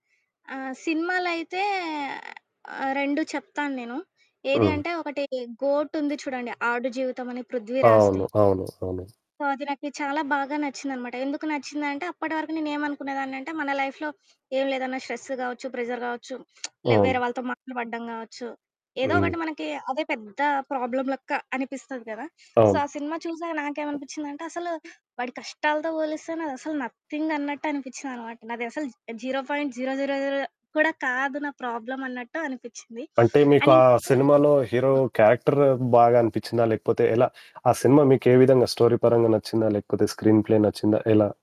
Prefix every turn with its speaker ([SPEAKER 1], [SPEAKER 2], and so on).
[SPEAKER 1] ఆ! సినిమాలైతే, ఆహ్, 2 చెప్తాను నేను, ఏది
[SPEAKER 2] హ్మ్.
[SPEAKER 1] అంటే, ఒకటీ 'గోట్' ఉంది చూడండి, ఆడు జీవితమని 'పృథ్వీ రాజ్‌ది'.
[SPEAKER 2] అవును. అవును. అవును.
[SPEAKER 1] సో, అది నాకి చాలా బాగా నచ్చిందనమాట. ఎందుకు నచ్చిందంటే, అప్పడవరకు నేనేమనుకునేదాన్నంటే, మన లైఫ్‌లో ఏమి లేదన్నా స్ట్రెస్సు గావచ్చు, ప్రెజర్ గావచ్చు, లే వేరే
[SPEAKER 2] అవును.
[SPEAKER 1] వాళ్ళతో మాటలు పడడం గావచ్చు, ఏదో
[SPEAKER 2] హ్మ్.
[SPEAKER 1] ఒకటి మనకీ అదే పెద్ద ప్రాబ్లమ్ లెక్క అనిపిస్తది కదా! సో,
[SPEAKER 2] అవును.
[SPEAKER 1] ఆ సినిమా చూశాక నాకేవనిపిచ్చిందంటే, అసలు వాడి కష్టాలతో బోలిస్తే, నాదసలు నథింగన్నట్టు అనిపిచ్చిందనమాట. నాది అసలు 0.000 కూడా కాదు నా ప్రాబ్లమన్నట్టు అనిపిచ్చింది.
[SPEAKER 2] అంటే, మీకు
[SPEAKER 1] అండ్
[SPEAKER 2] ఆ
[SPEAKER 1] ఇంకోటీ
[SPEAKER 2] సినిమాలో హీరో
[SPEAKER 1] ఆ!
[SPEAKER 2] క్యారెక్టర్ బాగా అనిపిచ్చిందా? లేకపోతే ఎలా? ఆ సినిమా మీకే విధంగా స్టోరీ పరంగా నచ్చిందా? లేకపోతే స్క్రీన్ ప్లే నచ్చిందా? ఎలా?